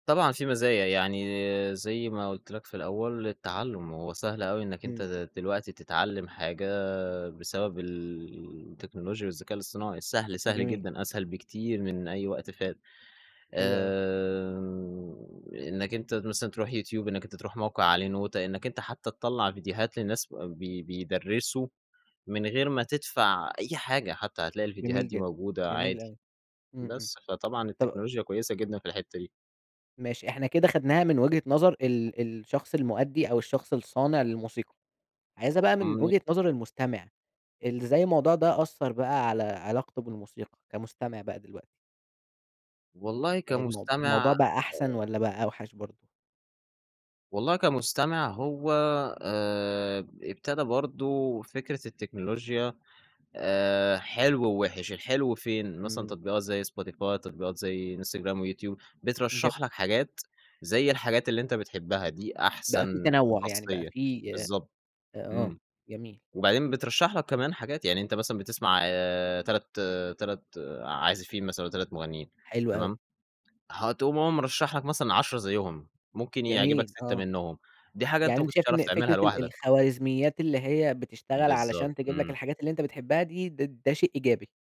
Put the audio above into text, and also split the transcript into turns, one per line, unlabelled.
طبعًا في مزايا. يعني زي ما قُلت لك في الأول التعلٌم هو سهل أوي إنّك أنت
إمم.
د دلوقتي تتعلّم حاجة بسبب ال التكنولوجيا والذكاء الاصطناعي. سهل، سهل
جميل.
جدًا، أسهل بكتير من أي وقت فات.
حلو أوي.
آآ إنّك أنت مثلًا تروح يوتيوب، إنّك أنت تروح موقع عليه نوتة، إنّك أنت حتّى تطلّع فيديوهات للناس وبب بي بيدرّسوا من غير ما تدفع أي حاجة، حتّى هتلاقي الفيديوهات
جميل
دي
جدًا،
موجودة
جميل
عادي.
أوي. إمم، إمم.
بس، فطبعًا
طب
التكنولوجيا كويسة جدًا في الحتَّة دي.
ماشي إحنا كده خدناها من وجهة نظر ال الشخص المؤدّي، أو الشخص الصانع للموسيقى. عايزها بقى من
إمم.
وجهة نظر المستمع. ال إزاي الموضوع ده أثّر بقى على علاقته بالموسيقى كمستمع بقى دلوقتي؟
والله
المو الموضوع
كمستمع
بقى أحسن
آآ
والّا بقى أوحَش برضه؟
والله كمستمع هو آآ ب ابتدا برضه فكرة التكنولوجيا آآ حلو ووِحش، الحلو فين؟ مثلًا
إمم.
تطبيقات زي Spotify، تطبيقات زي إنستجرام ويوتيوب.
ج
بترشّح لك حاجات، زي الحاجات اللي أنت بتحبها دي
بقى في
أحسن
تنوّع. يعني بقى
خاصية
في أ
بالضبط.
آه.
إمم.
جميل.
وبعدين بترشّح لك كمان حاجات، يعني أنت مثلًا بتسمع آآ تلات تلات عازفين مثلًا أو 3 مُغنّيين
حلو أوي.
تمام؟ هتقوم هو مرشّح لك مثلًا 10 زيّهم، ممكن يعجبك
جميل،
6
آه.
منّهم. دي حاجة أنت
يعني
ما
أنت
كنتش
شايف إن
تعرف تعملها
فكرة ال
لوحدك.
الخوارزميات اللي هي بتشتغل
بالضبط.
علشان تجيب لك
إمم.
الحاجات اللي أنت بتحبها دي، ده ده شيء إيجابي؟